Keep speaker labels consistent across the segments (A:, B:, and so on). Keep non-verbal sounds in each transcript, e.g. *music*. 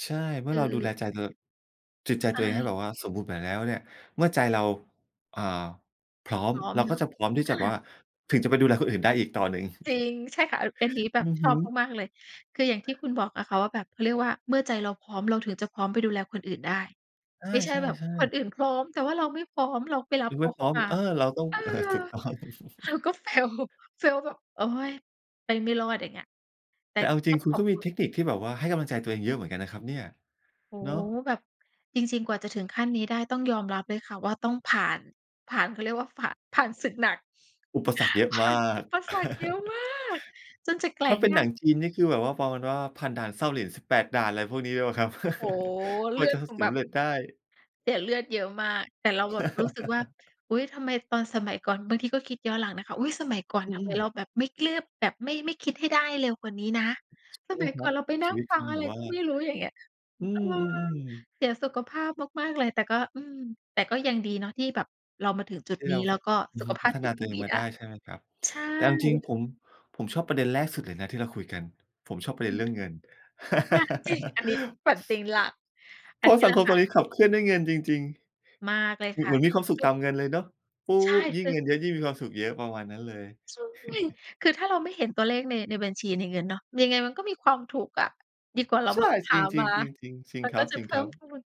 A: ใช่ เมื
B: ค
A: ่อเราดูแล
B: ือ
A: ใจตัว จิตใจ
B: ใช
A: ตัวเองให้
B: ่
A: แบบว่าสมบูรณ์แบบแล้วเนี่ย เมื่อใจเรา อ่า พร้อ
B: พ
A: ม
B: ร้อม
A: เรา
B: เน
A: ก็
B: าะ
A: จะพร้อมที่
B: อ
A: จะแบบ
B: า
A: ว่า ถึงจะไปดูแลคนอื่นได้อีกต่อหนึ่ง
B: จริง ใช่ค่ะ อันนี้แบ
A: อื
B: บ
A: อ
B: ช
A: ฮึ
B: อบมาก ๆ เลย คืออย่างที่คุณบอกอะค่ะว่าแบบ เขาเรียกว่า เมื่อใจเราพร้อมเราถึงจะพร้อมไปดูแลคนอื่นได้
A: อา
B: ไม่ใช
A: ใ
B: ่
A: ช่
B: แบบคน
A: ๆ
B: อื่นพร้อมแต่ว่าเราไม่พร้อม เราไปรั
A: ค
B: บ
A: ือ
B: เ
A: ไ
B: ข
A: ม
B: า
A: ่
B: เ
A: พ
B: ข้
A: ร
B: า
A: ้อม
B: มา
A: เออ เราต้อง
B: เออ
A: อา ถูกต้อง
B: เราก็ fail
A: *chuckles*
B: *chuckles* fail แบบ โอ๊ย ไปไม่รอด อย่างเงี้ย แต่
A: แต่เอาจร
B: ต
A: ิ
B: ้
A: ง
B: อง
A: คุ
B: ข
A: ณ
B: อ
A: ก
B: บ
A: ็ม
B: ค
A: ี
B: ุ
A: เท
B: ณ
A: คนิคที่แบบว่าให้กำลังใจตัวเองเยอะเหมือนกันนะครับเนี่ย
B: โอ้
A: เน
B: โฮ!
A: าะ
B: แบบ จริง ๆ กว่าจะถึงขั้นนี้ได้ ต้องยอมรับเลยค่ะว่าต้องผ่าน ผ่าน เขาเรียกว่าผ่าน ผ่านศึกหนัก
A: อุปสรรคเยอะ
B: ผ
A: ม
B: ่า
A: า
B: นอ
A: ก
B: ุปสรรคเยอะมา
A: *laughs*
B: ก จนจะแกร
A: ถ
B: ่
A: ้า
B: ง
A: เป็
B: ไ
A: น
B: ด
A: หนั
B: ้
A: งจีนนี่คือแบบว่า ประมาณว่าผ่านด่านเส้าหลิน 18 ด่าน อะไรพวกนี้ด้วยเปล่าครับ?
B: โอ้โฮ!
A: *laughs* ก
B: เล
A: ว
B: ื
A: ่า
B: อ
A: จ
B: ด
A: ะ ท
B: คง
A: ส
B: แบ
A: ำ
B: บ
A: เร็จได้
B: เสียเลือดเยอะมาก แต่เราแบบรู้สึกว่า
A: *laughs*
B: อุ๊ย ทำไมตอนสมัยก่อน บางทีก็คิดย้อนหลังนะคะ อุ๊ย สมัยก่อน
A: อื
B: ทำไมเร
A: อ
B: าแบบไม่เกลื๊อบ แบบไม่ ไม่คิดให้ได้เร็วกว่านี้นะ
A: ใช
B: ส
A: ่ไหม
B: มัย
A: ค
B: ก
A: ร
B: ่อ
A: ั
B: น
A: บ
B: เราไปน
A: ช
B: ั่
A: ี
B: ง
A: วิต
B: ฟั
A: ค
B: ง
A: ง
B: อะ
A: แบ
B: ไร
A: บว่า
B: ก็ไม่รู้ อย่างเงี้ย
A: อื
B: เออ
A: อ ๆ ๆ
B: เสียสุขภาพมาก ๆ เลย แต่ก็ อืม แต่ก็ยังดีเนาะที่แบบเรามาถึงจุด
A: ที่
B: นี
A: เ
B: ้
A: รา
B: แล้
A: บ
B: วก็
A: อื
B: ส
A: อ
B: ุ
A: ฮ
B: ข
A: ึ
B: ภ
A: พ
B: า
A: ั
B: พ
A: ฒ
B: จ
A: น
B: ิ
A: า
B: ต
A: ต
B: ย
A: ั
B: ั
A: วเ
B: ง
A: อ
B: ด
A: ง
B: ี
A: มา
B: ได
A: ไ
B: ้
A: ด้ใช่ไหมครับ
B: ใช่
A: แต่เอาจริง ๆ ผม ผมชอบประเด็นแรกสุดเลยนะที่เราคุยกัน ผมชอบประเ
B: อ
A: ด็น
B: ื
A: เร
B: ม
A: ื่องเงิน
B: ค่ะ จริง อันนี้
A: *laughs*
B: ปั่นเป็นหลัก
A: เ
B: อ
A: พ
B: ั
A: ร
B: น
A: า
B: น
A: ะ
B: ี้
A: สั
B: แหล
A: ง
B: ะ
A: คม
B: ค
A: ต
B: ่
A: อน
B: ะ
A: นี้ขับเคลื่อนด้วยเงินจริง
B: มากเลย
A: ๆ เหมื
B: ค
A: อน เ
B: ่
A: ห
B: ะ
A: มือนมีความสุ
B: ค
A: ข
B: ื
A: ต
B: อ
A: ามเงินเลยเนาะ ปุ๊
B: ใช่
A: บ ยิ
B: ค
A: ่ง
B: ื
A: มี
B: อ
A: เงินเยอะ ยิ่งมีความสุขเยอะ ประมาณนั้นเลย
B: ใช่
A: *chuckles*
B: คือถ้าเราไม่เห็นตัวเลขใน ในบัญชี ในเงินเนาะ ยังไงมันก็มีความถูกอะ ดีกว่าเรา
A: ใช
B: แบ
A: ่
B: บห
A: จ
B: า
A: ร
B: ม
A: ิ
B: า
A: ง ๆ ๆ ๆ จริ
B: ม
A: ง
B: ัน
A: คร
B: ก็
A: ับ
B: จะ
A: จริ
B: เพ
A: ง
B: ิ
A: ค
B: ่
A: รั
B: ม
A: บ
B: พูน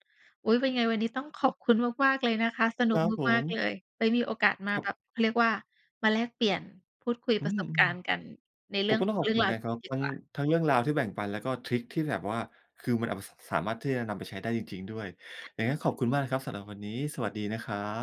B: อุ๊ย เป็นไงวันนี้ต้องขอบคุณมาก ๆ เลยนะคะ สนุ
A: คร
B: ก
A: ับผ
B: มาก ๆ
A: ม
B: เลย ไว้มีโอกาสมา
A: ครั
B: แ
A: บ
B: บบ เขาเรียกว่ามาแลกเปลี่ยน พูดคุย
A: อื
B: ประส
A: ม
B: บการณ์กันใน
A: ๆ
B: เ
A: ผ
B: รื่
A: ม
B: อง
A: ก็ต
B: ข
A: ้อ
B: อ
A: ง
B: ง
A: ข
B: เ
A: อบ
B: รื่
A: คุ
B: อ
A: ณ
B: ง
A: เหม
B: ร
A: ือ
B: า
A: น
B: ว
A: กัน
B: ด
A: ครั
B: ี
A: บ
B: ๆ ดี
A: ทั้
B: ก
A: ง
B: ว่า
A: ทั้งเรื่องราวที่แบ่งปัน แล้วก็ทริกที่แบบว่า คือมันเอาไป ส สามารถที่จะนำไปใช้ได้จริง ๆ ด้วย ยังไงก็ขอบคุ
B: ถ
A: ณมากนะครับสำหรับวันนี้ สวัสดีนะครับ